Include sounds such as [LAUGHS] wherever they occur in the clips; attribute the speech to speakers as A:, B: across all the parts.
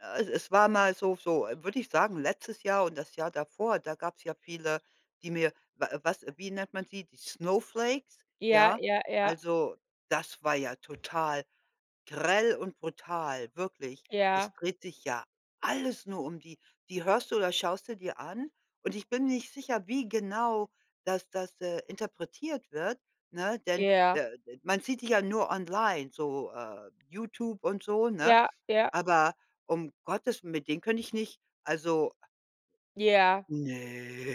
A: Äh, es war mal so so würde ich sagen, letztes Jahr und das Jahr davor, da gab's ja viele, die mir wa was wie nennt man sie, die Snowflakes,
B: Ja,
A: ja?
B: ja, ja.
A: Also, das war ja total grell und brutal, wirklich. Es
B: Ja.
A: dreht sich ja alles nur um die. Die hörst du oder schaust du dir an und ich bin nicht sicher, wie genau das das, äh, interpretiert wird, ne, denn
B: Ja.
A: der de man sieht die ja nur online, so, äh, YouTube und so, ne?
B: Ja. Ja.
A: Aber um Gottes mit denen könnte ich nicht, also
B: Ja.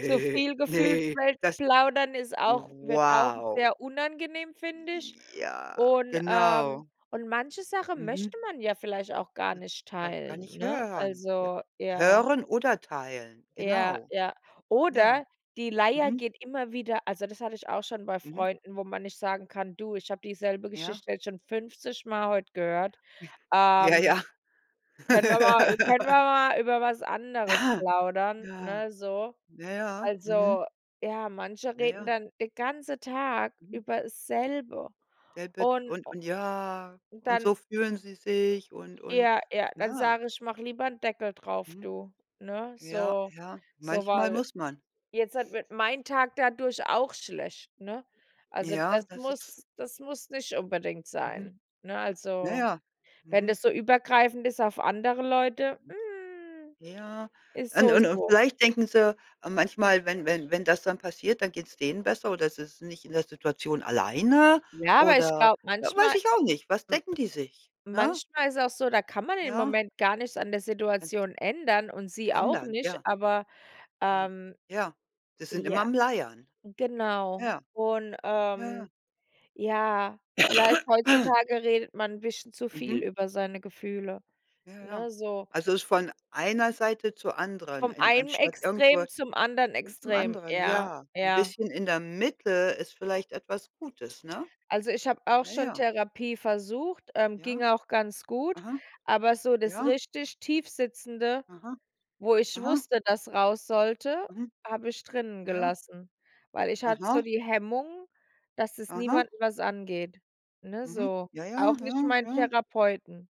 B: Zu viel gefühlt,
A: ne,
B: weil
A: das
B: plaudern ist auch wird auch
A: wow!
B: sehr unangenehm, finde ich.
A: Ja,
B: Und, ähm
A: genau.
B: und manche Sache
A: Mhm.
B: möchte man ja vielleicht auch gar nicht
A: Ga gar
B: teilen,
A: nicht
B: ne?
A: hören, ja,
B: Also, ja.
A: hören oder teilen,
B: Ja,
A: genau.
B: ja.
A: Ja.
B: Oder die Leier
A: Mhm.
B: geht immer wieder also, das hatte ich auch schon bei
A: Mhm.
B: Freunden, wo man nicht sagen kann: „Du, ich habe dieselbe
A: Ja.
B: Geschichte jetzt schon 50 Mal heute gehört,
A: [SNORTS] Ja
B: ähm,
A: ja.
B: können wir
A: [LAUGHS]
B: mal ü können wir mal über was anderes
A: Aha.
B: plaudern,
A: Ja,
B: ne, so?“
A: ja, ja. Mhm.
B: Also, ja, manche
A: Ja,
B: reden
A: ja.
B: dann den ganze Tag
A: Mhm.
B: über dasselbe
A: [UNINTELLIGIBLE]
B: und
A: und
B: o
A: und ja, und
B: dann
A: so fühlen sie sich und und
B: ja, ja, dann
A: ja.
B: sage ich: „Mach lieber 'n Deckel drauf,
A: Mhm.
B: du, ne?“
A: Ja,
B: So
A: ja,
B: so,
A: manchmal
B: weil
A: muss man.
B: jetzt halt wird mein Tag dadurch auch schlecht, ne? Also,
A: Ja,
B: das
A: das ist
B: muss das muss nicht unbedingt
A: Mhm.
B: sein. Ne,
A: Na
B: also,
A: ja.
B: wenn
A: Mhm.
B: das so übergreifend ist auf andere Leute,
A: Mhm.
B: hm,
A: Ja,
B: ist
A: und
B: so
A: und und
B: so.
A: vielleicht denken sie manchmal, wenn wenn wenn das dann passiert, dann geht's denen besser oder sie sind nicht in der Situation alleine
B: Ja, aber ich
A: oder,
B: glaube,
A: äh, weiß
B: manchmal,
A: ich auch nicht, was
B: w
A: denken die sich, ne?
B: manchmal ist es auch so, da kann man im
A: Ja.
B: Moment gar nichts an der
A: [UNINTELLIGIBLE]
B: Situation ändern und sie auch
A: Ändern,
B: nicht,
A: ja.
B: aber,
A: Äh,
B: ähm
A: ja. Die sind immer
B: ja,
A: am Leiern.
B: genau.
A: Ja.
B: Und,
A: Ja, ja.
B: ähm, ja, vielleicht
A: [COUGHS]
B: heutzutage redet man 'n bisschen zu
A: Mhm.
B: viel über seine Gefühle,
A: Ja, ja.
B: ne, so.
A: Also, ist von einer Seite zur anderen,
B: Vom
A: en
B: einen
A: anstatt irgendwo
B: Extrem zum anderen
A: hin zum
B: Extrem,
A: anderen,
B: ja,
A: ja. 'N
B: ja.
A: bisschen in der Mitte ist vielleicht etwas Gutes, ne?
B: Also, ich habe auch
A: Ja,
B: schon
A: ja.
B: Therapie versucht, ähm,
A: Ja.
B: ging auch ganz gut,
A: Aha.
B: aber so das
A: Ja.
B: richtig Tiefsitzende,
A: Aha.
B: wo ich
A: Aha.
B: wusste, dass raus sollte,
A: Mhm.
B: habe ich drinnen
A: Ja ja.
B: gelassen, weil ich hatte so
A: Aha.
B: die Hemmungen, dass es
A: Aha.
B: niemanden was angeht, ne,
A: Mhm.
B: so,
A: Ja, ja,
B: auch nicht
A: ja,
B: mein
A: ja.
B: Therapeuten.